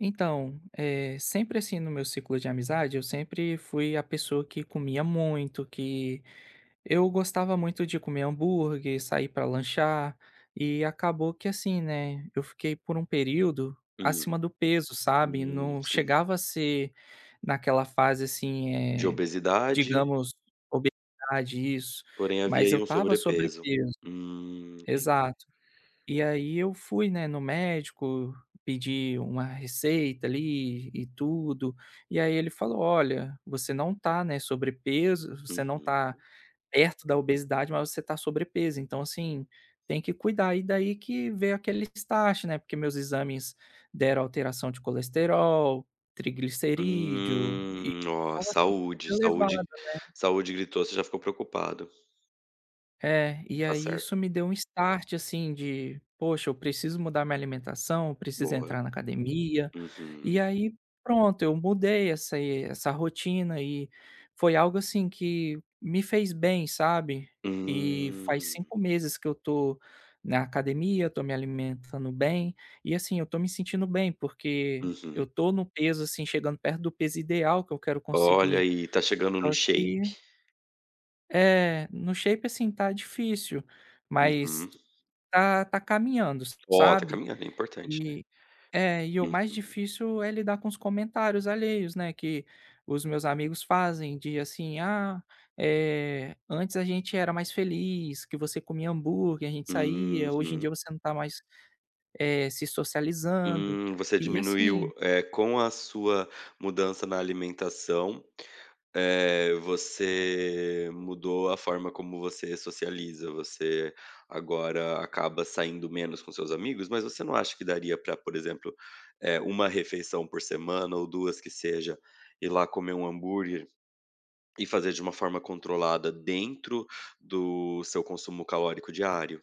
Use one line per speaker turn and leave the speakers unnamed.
Então, eh, sempre assim no meu ciclo de amizade, eu sempre fui a pessoa que comia muito que eu gostava muito de comer hambúrguer, sair para lanchar e acabou que assim, né, eu fiquei por um período
Hum,
acima do peso, sabe,
hum,
não
sim.
chegava a ser naquela fase assim,
De
eh,
obesidade
digamos, isso,
porém havia
mas eu
alí um
estava
sobrepeso.
sobrepeso.
Hum, entendi.
Exato. E, aí, eu fui, né, no médico pedir uma receita ali e tudo e, aí, ele falou: "Olha, você não está, né, sobrepeso, você não tá
Uhum.
perto da obesidade, mas você tá sobrepeso então assim, tem que cuidar" e daí que veio aquele né, porque meus exames deram alteração de colesterol, triglicerídeo e
Hum, ó,
tava super
saúde
elevado,
saúde
né.
saúde gritou você já ficou preocupado.
É, e,
Está
aí,
certo.
isso me deu um start, assim, de, poxa eu preciso mudar minha alimentação, eu preciso
Boa.
entrar na academia. E
Uhum.
aí, pronto, eu mudei essa essa rotina e foi algo, assim, que me fez bem sabe? E faz
Hum.
5 meses que eu estou na academia, estou me alimentando bem e, assim, eu estou me sentindo bem, porque eu
Uhum.
estou no peso, assim, chegando perto do peso ideal que eu quero
Olha,
conseguir.
aí tá chegando no
Só
shape.
que É, no shape assim, tá difícil mas
Uhum.
tá tá caminhando,
Ó, tá
sabe,
caminhando, é importante.
e é, e o mais
Uhum.
difícil é lidar com os comentários alheios, né, que os meus amigos fazem de, assim: "Ah, eh, antes a gente era mais feliz que você comia hambúrguer a gente saía hoje em
Uhum.
dia você não tá mais, eh, se socializando."
Hum, você
E, assim
diminuiu, eh, com a sua mudança na alimentação, eh, você mudou a forma como você socializa, você agora acaba saindo menos com seus amigos, mas você não acha que daria para, por exemplo, eh, 1 refeição por semana ou 2 que seja, ir lá comer um hambúrguer e fazer de uma forma controlada dentro do seu consumo calórico diário?